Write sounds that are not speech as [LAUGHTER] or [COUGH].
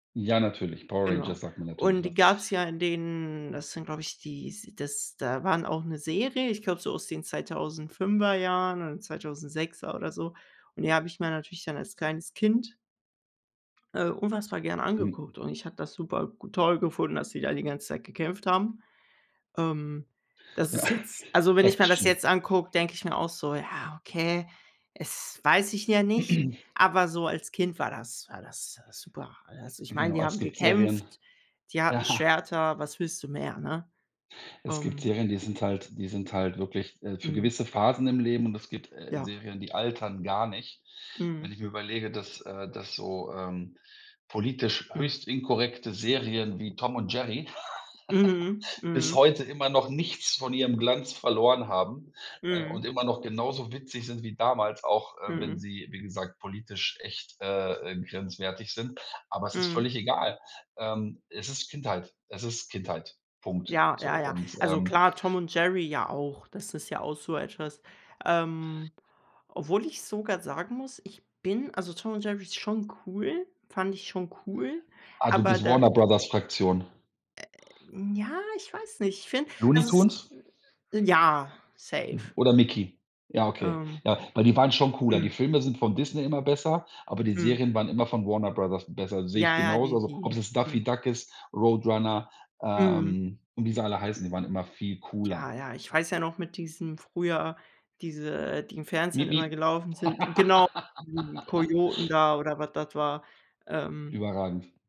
Ja natürlich, Power Genau, Rangers sagt mir natürlich und die was. gab's ja in den das sind, glaube ich, dies das da waren auch 'ne Serie, ich glaube, so aus den 2005er Jahren oder 2006er oder so und die habe ich mir natürlich dann als kleines Kind äh, unfassbar gern Mhm. angeguckt und ich habe das super g toll gefunden, dass die da die ganze Zeit gekämpft haben. Ähm, das Ja, ist jetzt [SNORTS] also, wenn ich mir das jetzt Action. angucke, denke ich mir auch so: „Ja, okay, es weiß ich ja nicht”, [CLEARS THROAT] aber so als Kind war das war das, äh, super. Also, ich meine, Genau, die es haben gibt Serien gekämpft, die hatten ja. Schwerter. Was willst du mehr, ne? Es gibt Ähm Serien, die sind halt die sind halt wirklich, äh, für Mhm. gewisse Phasen im Leben und es gibt, äh, Ja. Serien, die altern gar nicht. Mhm. Wenn ich mir überlege, dass äh, dass so, ähm, politisch Hm. höchst inkorrekte Serien wie Tom und Jerry [CHUCKLES] Mhm, bis mhm. heute immer noch nichts von ihrem Glanz verloren haben, äh, Mhm. und immer noch genauso witzig sind wie damals, auch, äh, wenn Mhm. sie, wie gesagt, politisch echt, äh, äh, grenzwertig sind. Aber es ist Mhm. völlig egal. Ähm, es ist Kindheit. Es ist Kindheit. Punkt. Ja, So ja, ja. und, Also ähm klar, Tom und Jerry ja auch. Das ist ja auch so etwas, ähm, obwohl ich sogar sagen muss, ich bin also Tom und Jerry ist schon cool fand ich schon cool, Ah, du aber bist da Warner Brothers Fraktion. äh, ja, ich weiß nicht. Ich finde, Looney also es Tunes? ja, safe. Oder Mickey? Ja, okay. Ähm. Ja, weil die waren schon cooler. Die Mhm. Filme sind von Disney immer besser, aber die Mhm. Serien waren immer von Warner Brothers besser. Sehe ich Ja, ja, genauso, die also, ob es die, jetzt Daffy mhm. Duck ist, Roadrunner, Mhm. ähm, und wie sie alle heißen, die waren immer viel cooler. Ja, ja, ich weiß ja noch mit diesem früher diese, die im Miep Fernsehen miep. immer gelaufen sind genau, die [LAUGHS] Kojoten da oder was das war. Ähm Überragend.